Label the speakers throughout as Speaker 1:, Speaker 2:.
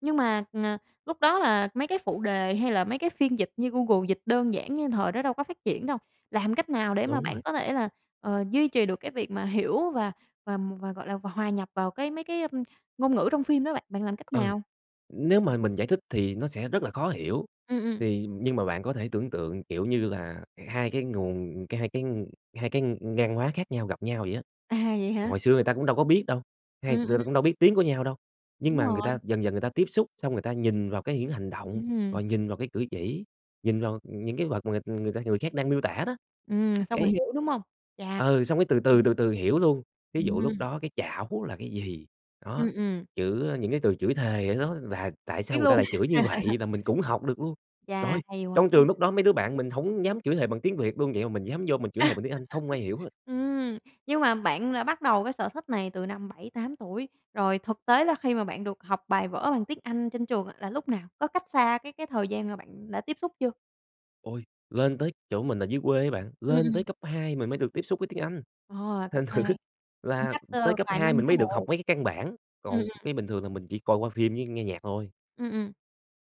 Speaker 1: Nhưng mà, à, lúc đó là mấy cái phụ đề hay là mấy cái phiên dịch như Google dịch đơn giản như thời đó đâu có phát triển đâu, làm cách nào để mà
Speaker 2: Đúng rồi.
Speaker 1: bạn có thể là, ờ, duy trì được cái việc mà hiểu và và và, gọi là, và hòa nhập vào cái mấy cái, ưm, ngôn ngữ trong phim đó bạn? Bạn làm cách
Speaker 2: Ừ.
Speaker 1: nào?
Speaker 2: Nếu mà mình giải thích thì nó sẽ rất là khó hiểu,
Speaker 1: Ừm, ừm.
Speaker 2: thì nhưng mà bạn có thể tưởng tượng, kiểu như là, h hai cái nguồn cái hai cái ng hai cái, ừm, hai cái ngang hoá khác nhau gặp nhau vậy á.
Speaker 1: À, vậy hả?
Speaker 2: Hồi xưa người ta cũng đâu có biết đâu, hay
Speaker 1: Ừm,
Speaker 2: đ ta
Speaker 1: ừm.
Speaker 2: cũng đâu có biết tiếng của nhau đâu, nhưng
Speaker 1: Đúng
Speaker 2: mà người
Speaker 1: rồi.
Speaker 2: ta dần dần người ta tiếp xúc xong người ta nhìn vào cái những hành động,
Speaker 1: Ừm.
Speaker 2: rồi nhìn vào cái cử chỉ, nhìn vào, ừm, những cái vật mà người ta người khác đang miêu tả đó.
Speaker 1: Ừm, xong rồi
Speaker 2: Cái
Speaker 1: hiểu, đúng hông? Chà.
Speaker 2: ừ, xong cái từ từ,
Speaker 1: [unintelligible]
Speaker 2: từ từ hiểu luôn. Thí dụ lúc
Speaker 1: Ừm.
Speaker 2: đó cái chảo là cái gì? Đó.
Speaker 1: Ừm, ừm.
Speaker 2: Chữ, a, những cái từ chửi thề á nó là tại
Speaker 1: Biết
Speaker 2: sao người ta
Speaker 1: luôn
Speaker 2: lại chửi như vậy nà mình cũng học được luôn.
Speaker 1: Chà,
Speaker 2: Trời!
Speaker 1: hay quá,
Speaker 2: Trong
Speaker 1: ưm.
Speaker 2: trường lúc đó mấy đứa bạn mình hổng dám chửi thề bằng tiếng Việt luôn, vậy mà mình dám vô mình chửi thề bằng tiếng Anh, không ai hiểu hết.
Speaker 1: Ừm. Nhưng mà bạn là bắt đầu cái sở thích này từ năm 7-8 tuổi, rồi thực tế là khi mà bạn được học bài vở bằng tiếng Anh trên trường á là lúc nào? Có cách xa cái cái thời gian mà bạn đã tiếp xúc chưa?
Speaker 2: Ôi! Lên tới chỗ mình là dưới quê á bạn,
Speaker 1: Ừm,
Speaker 2: lên tới
Speaker 1: ừm.
Speaker 2: cấp 2 mình mới được tiếp xúc với tiếng Anh.
Speaker 1: Ờ, cấp
Speaker 2: Thành thử
Speaker 1: 2. Cũng
Speaker 2: là
Speaker 1: cách,
Speaker 2: tới
Speaker 1: ơ,
Speaker 2: cấp
Speaker 1: vài
Speaker 2: 2
Speaker 1: năm
Speaker 2: mình
Speaker 1: chứ
Speaker 2: mới được học
Speaker 1: bộ.
Speaker 2: mấy cái căn bản,
Speaker 1: Ừm,
Speaker 2: còn
Speaker 1: ừm.
Speaker 2: cái bình thường là mình chỉ coi qua phim với nghe nhạc thôi.
Speaker 1: Ừm, ừm.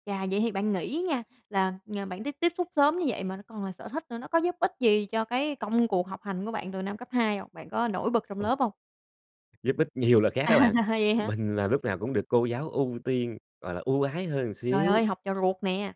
Speaker 1: Chà, vậy thì bạn nghĩ nha, là, à, bạn tiếp tiếp xúc sớm như vậy mà nó còn là sở thích nữa, nó có giúp ích gì cho cái công cuộc học hành của bạn từ năm cấp 2 hông? Bạn có nổi bật trong
Speaker 2: Ôi!
Speaker 1: lớp hông?
Speaker 2: Giúp ích nhiều là khác
Speaker 1: À,
Speaker 2: á bạn.
Speaker 1: vậy hả?
Speaker 2: Mình là lúc nào cũng được cô giáo ưu tiên, gọi là, ưu ái hơn một
Speaker 1: Trời
Speaker 2: xíu.
Speaker 1: ơi, học trò ruột nè!